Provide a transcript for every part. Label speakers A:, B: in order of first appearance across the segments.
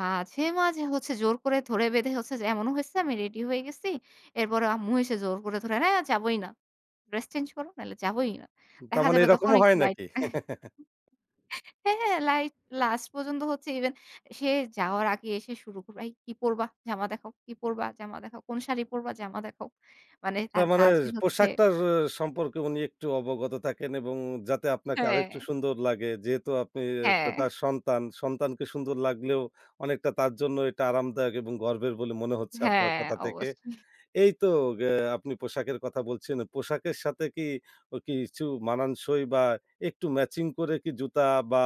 A: মাঝে, মাঝে, হচ্ছে জোর করে ধরে-বেঁধে হচ্ছে যে এমনও হইছে আমি রেডি হয়ে গেছি। এরপরে আম্মু এসে জোর করে ধরে "হ্যাঁ যাবোই না, ড্রেস চেঞ্জ করো, নাহলে যাবোই না"।
B: তার
A: দেখা
B: মানে
A: যাবে তখন
B: এরকমও হয়
A: একটু লাইট
B: নাকি?
A: হ্যাঁ, হ্যাঁ, লাইট লাস্ট পর্যন্ত হচ্ছে ইভেন সে যাওয়ার আগে এসে শুরু করবে। "এই কি পড়বা জামা দেখাও কি পড়বা জামা দেখাও কোন শাড়ি পড়বা জামা দেখাও?" মানে
B: তার
A: তার
B: মানে
A: কাজই হচ্ছে
B: পোশাকটার অ সম্পর্কে উনি একটু অবগত থাকেন এবং যাতে আপনাকে
A: হ্যাঁ।
B: আরেকটু সুন্দর লাগে। যেহেতু আপনি আ তা
A: হ্যাঁ।
B: তার সন্তান। সন্তানকে সুন্দর লাগলেও অনেকটা তার জন্য এটা আরামদায়ক এবং গর্বের বলে মনে হচ্ছে আপনার
A: হ্যাঁ
B: কথা থেকে।
A: অবশ্য।
B: এই তো গে আপনি পোশাকের কথা বলছেন। পোশাকের সাথে কি অ কিছু মানান সই বা একটু ম্যাচিং করে কি জুতা বা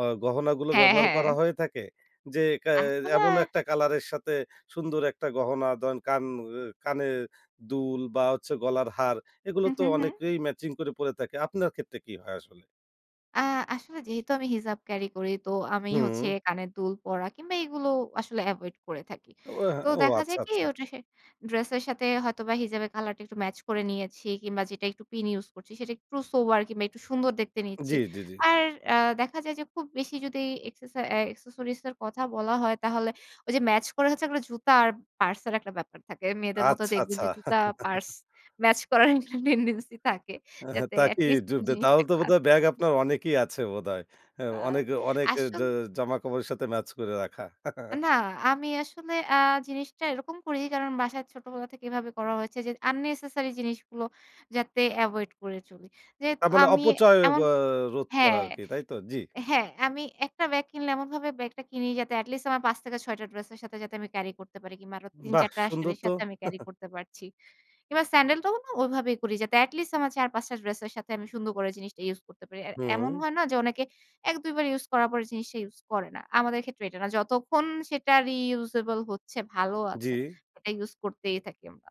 B: অ গহনাগুলো
A: হ্যাঁ,
B: ব্যবহার
A: হ্যাঁ।
B: করা হয়ে থাকে? যে ক্যা
A: এখন
B: এমনও
A: আর
B: একটা কলার এর সাথে সুন্দর একটা গহনা? ধরেন কান এ কানের দুল বা হচ্ছে গলার হার, এগুলো
A: হু,
B: তো
A: হু, হু।
B: অনেকেই ম্যাচিং করে পড়ে থাকে। আপনার ক্ষেত্রে কি হয় আসলে?
A: আ আসলে যেহেতু আমি হিজাব ক্যারি করি, তো আমি হচ্ছে
B: হু।
A: কানের দুল পরা কিংবা এগুলো আসলে এভয়েড করে থাকি।
B: ও এ্যা
A: তো
B: ও
A: দেখা
B: আচ্ছা,
A: যায় কি?
B: আচ্ছা।
A: ওটা সে ড্রেস এর সাথে হয়তোবা হিজাবের কলার টা একটু ম্যাচ করে নিয়েছি কিংবা যেটা একটু পিন ইউস করছি সেটা একটু সোবার কিংবা একটু সুন্দর দেখতে নিচ্ছি।
B: জ্বী, জ্বী, জ্বী।
A: আর অ্যা দেখা যায় যে খুব বেশি যদি এক্সেসা অ্যা অ্যাক্সেসরিজ এর কথা বলা হয় তাহলে ওই যে ম্যাচ করে হচ্ছে এগলা জুতা আর পার্স এর একটা ব্যাপার থাকে। মেয়েদের মত
B: আচ্ছা,
A: দেখবেন
B: আচ্ছা।
A: যে জুতা পার্স ম্যাচ করার একটা টেনডেন্সি থাকে।
B: আহ
A: যাতে এট
B: তাকি
A: লিস্ট
B: ঢুকবে তাহলে
A: জিনিসটা
B: তো বোধহয়
A: ক্লাসি
B: ব্যাগ
A: থাকে।
B: আপনার অনেকই আছে বোধহয়। হ্যাঁ,
A: আ
B: অনেক এ অনেক এ জে
A: আসল
B: জামা কাপড়ের সাথে ম্যাচ করে রাখা।
A: না আমি আসলে আ জিনিসটা এরকম করি। কারণ বাসায় ছোটবেলা থেকে এভাবে করা হয়েছে যে আননেসেসারি জিনিসগুলো যাতে এভয়েড করে চলি। যেহেত
B: তার মানে
A: আমি
B: অপচয় ব
A: এমন
B: রোধ করা
A: হ্যাঁ।
B: আরকি তাইতো? জি।
A: হ্যাঁ। আমি একটা ব্যাগ কিনলে এমনভাবে ব্যাগটা কিনি যাতে এটি লিস্ট আমার ৫ থেকে ৬ টা ড্রেস এর সাথে যাতে আমি ক্যারি করতে পারি। কিংবা আরো তিন,
B: বাহ!
A: চার টা
B: সুন্দর
A: শাড়ির
B: তো!
A: সাথে আমি ক্যারি করতে পারছি। এবার স্যান্ডাল টাও না ওইভাবেই করি যাতে। এট লিস্ট আমার ৪, ৫ টা ড্রেস এর সাথে আমি সুন্দর করে জিনিসটা ইউস করতে পারি। আর এমন
B: হু।
A: হয় না যে অনেকে ১, ২ বার ইউস করার পর জিনিসটা ইউস করে না? আমাদের ক্ষেত্রে এটা না। যতক্ষণ সেটা রিউউজেবল হচ্ছে, ভালো আছে,
B: জি।
A: ওটা ইউস করতেই থাকি আমরা।